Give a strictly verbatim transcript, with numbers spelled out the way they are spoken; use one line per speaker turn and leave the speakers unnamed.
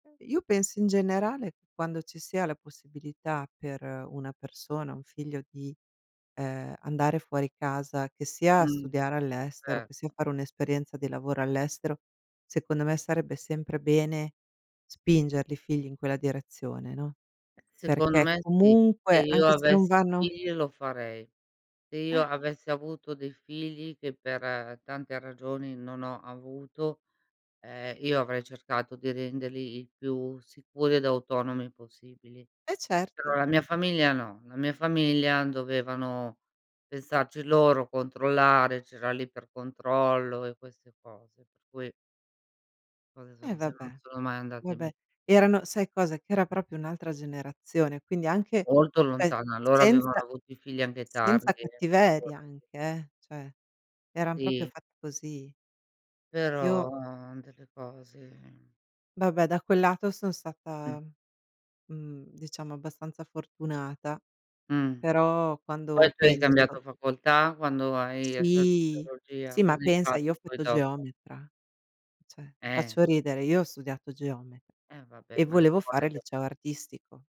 Io penso in generale: quando ci sia la possibilità per una persona, un figlio di, ehm, andare fuori casa, che sia
Mh,
studiare all'estero,
cer
che sia fare un'esperienza di lavoro all'estero, secondo me sarebbe sempre bene spingerli i figli in quella direzione, no,
Seconno
perché
me sì, se
comunque,
io
anche se non
avessi
vanno
figli lo farei. Se io
Eh.
avessi avuto dei figli, che per tante ragioni non ho avuto, ehm, io avrei cercato di renderli il più sicuri ed autonomi possibili.
Eh,
Però
certo.
la mia famiglia no, la mia famiglia dovevano pensarci loro, controllare, c'era l'iper-controllo e queste cose, per cui le cose
Eh,
sono se
vabbè.
non sono mai andate
Vabbè,
be
erano sai cosa, che era propio un'altra generazione. Quindi anche,
Molto
sai,
lontana, loro avevano
senza
avuto i figli anche tardi,
senza
eh,
cattiveria
figurati.
anche, eh, cioè eran propio
Sì.
fatti così. Io
Però, delle cose
Babè da quel lato son sata,
Mh.
mhmm, diciamo abbastanza fortunata.
Mh.
Però,
Poi
quando
tu hai
penso
cambiato facoltà quando hai hai studiato
Sì,
teologia?
sì, ma
Cosa hai
pensa, io ho
fatto poi
fatto
dopo?
geometra, cioè
Eh.
faccio ridere, io ho studiato geome
Eh, vabbè
e
ma
volevo fare il
[unintelligible]
liceo artistico.